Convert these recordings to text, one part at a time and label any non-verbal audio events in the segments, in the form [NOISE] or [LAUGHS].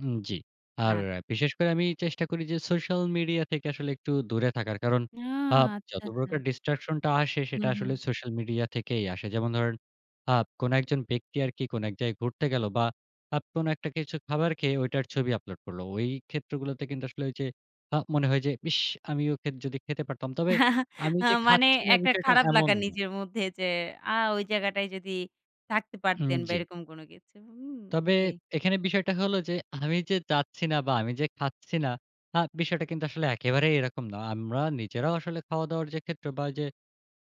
হুম, জি। আর আচ্ছা। বিশেষ করে আমি চেষ্টা করি যে, সোশ্যাল মিডিয়া থেকে আসলে একটু দূরে থাকার। কারণ না, আ আচ্ছা, যত আচ্ছা। প্রকার ডিসট্রাকশন টা আসে, সেটা হুম, হুম। আসলে সোশ্যাল মিডিয়া থেকেই আসে। যেমন ধরেন আ কোন একজন ব্যক্তি আরকি কোন এক জায়গায় ঘুরতে গেল বা আ কোন একটা কিছু খাবার খেয়ে, ঐটার ছবি আপলোড করল। ওই ক্ষেত্রগুলোতে কিন্তু আসলে ওই যে আ মনে হয় যে, "ইস আমিও খে যদি খেতে পারতাম।" তবে [CHUCKLES] আমি আ যে মানে খাচ্ছি না একটা বিষয়টা খারাপ এমন লাগা না। নিজের মধ্যে যে, আ ওই জায়গাটায় যদি থাকতে হুম, পারতেন বা জি। এরকম কোন কিছু। হুম, তবে জি। এখানে বিষয়টা হলো যে, আমি যে চাচ্ছি না বা আমি যে খাচ্ছি না, আ বিষয়টা কিন্তু আসলে একেবারেই এরকম না। আমরা নিজেরাও আসলে খাওয়া দাওয়ার যে ক্ষেত্রে বা ওই যে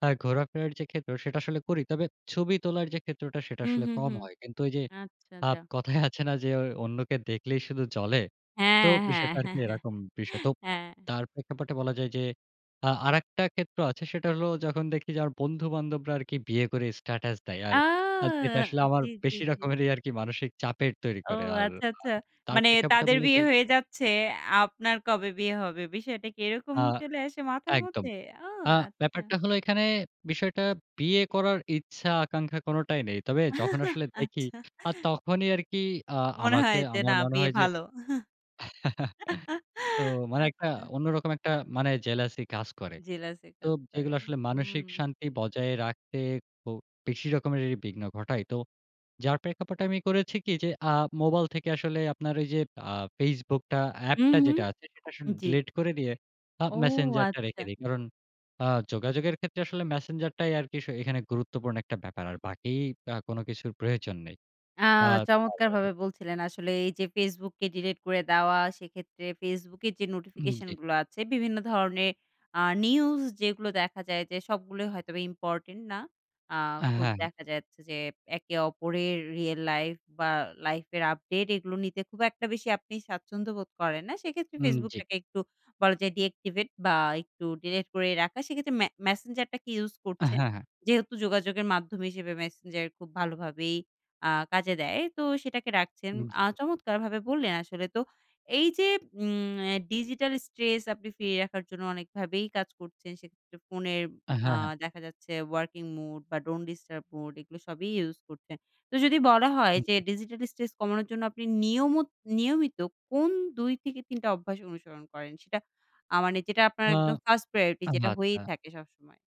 আ ঘোরা-ফেরার যে ক্ষেত্র, সেটা আসলে করি। তবে ছবি তোলার যে ক্ষেত্রটা, সেটা হুম, আসলে হুম, কম হুম। হয়। কিন্তু ওই যে, আচ্ছা, আ যা। কথায় আছে না? যে, অ অন্যকে দেখলেই শুধু জ্বলে। তো হ্যাঁ, হ্যাঁ। বিষয়টা আরকি [CHUCKLES] এরকম। বিষয় তো হ্যাঁ। তার প্রেক্ষাপটে বলা যায় যে, আ আরেকটা ক্ষেত্র আছে, সেটা হলো যখন দেখি যে, আমার বন্ধু-বান্ধবরা আরকি বিয়ে করে স্ট্যাটাস দেয় আর, আর যেটা আহ! আসলে আমার জি, জি, বেশি জি। রকমেরই আরকি মানসিক চাপের তৈরি ও! করে আর। আচ্ছা, আ আচ্ছা। তার মানে প্রেক্ষাপটে তাদের বলতে বিয়ে হয়ে যাচ্ছে, আপনার কবে বিয়ে হবে? বিষয়টা কী এরকম আ চলে আসে মাথার একদম। মধ্যে? ও! আ আচ্ছা। ব্যাপারটা হলো এখানে বিষয়টা বিয়ে করার ইচ্ছা, আকাঙ্খা কোনটাই নেই। তবে যখন [CHUCKLES] আসলে দেখি, আচ্ছা। আ তখনই আরকি আ মনে আমাকে হয় যে না আমার মনে বিয়ে হয় যে ভালো। [CHUCKLES] [LAUGHS] তো মানে একটা আচ্ছা। অন্যরকম একটা মানে, জেলাসি কাজ করে। জেলাসি তো কাজ করে, যেগুলা আসলে হুম। মানসিক শান্তি বজায় রাখতে খুব বেশি রকমেরই বিঘ্ন ঘটায়। তো যার প্রেক্ষাপট আমি করেছি কী? যে আ মোবাইল থেকে আসলে আপনার ওই যে, আ Facebook টা হুম, এ্যাপটা হুম, যেটা আছে, সেটা আসলে জি। ডিলিট করে দিয়ে আ ও! Messenger টা রেখে আচ্ছা। দেই। কারণ আ যোগাযোগের ক্ষেত্রে আসলে Messenger টাই আরকি শ এখানে গুরুত্বপূর্ণ একটা ব্যাপার আর বাকি আ কোন কিছুর প্রয়োজন নেই। আ আ চমৎকার ভাবে বলছিলেন আসলে। এই যে Facebook কে ডিলিট করে দেওয়া, সেক্ষেত্রে Facebook এর যে হুম, নোটিফিকেশন জি। গুলো আছে, বিভিন্ন ধরনের আ নিউজ যেগুলো দেখা যায় যে, সবগুলোই হয়তোবা ইম্পোর্টেন্ট না। আ হ্যাঁ, খুব হ্যাঁ। দেখা যাচ্ছে যে, একে অপরের রিয়াল লাইফ বা লাইফের আপডেট এগুলো নিতে, খুব একটা বেশি আপনি স্বাচ্ছন্দ্য বোধ করেন না। সেক্ষেত্রে হুম, Facebook জি। টাকে একটু বলা যায় ডিঅ্যাক্টিভেট বা একটু ডিলিট করে রাখা, সেক্ষেত্রে ম্যা Messenger টা কী ইউস হ্যাঁ, করছেন? হ্যাঁ। যেহেতু যোগাযোগের মাধ্যমে হিসেবে, Messenger খুব ভালোভাবেই আ কাজে দেয়। তো সেটাকে রাখছেন হুম, আ জি। চমৎকারভাবে বললেন আসলে। তো এই যে উম ডিজিটাল স্ট্রেস আপনি ফিরিয়ে রাখার জন্য, অনেকভাবেই কাজ করছেন। সেক্ষেত্রে ফোনে হ্যাঁ, আ হ্যাঁ। দেখা যাচ্ছে, ওয়ার্কিং মুড বা ডন্ট ডিস্টার্ব মুড এগুলো সবই ইউস করছেন। তো যদি বলা হয় হুম, যে, জি। ডিজিটাল স্ট্রেস কমানোর জন্য আপনি নিয়মত নিয়মিত, কোন ২ থেকে ৩ টা অভ্যাস অনুসরণ করেন? সেটা আ মানে যেটা আপনার আ একদম ওহ! 1st প্রায়োরিটি যেটা আচ্ছা। হয়েই থাকে সবসময়।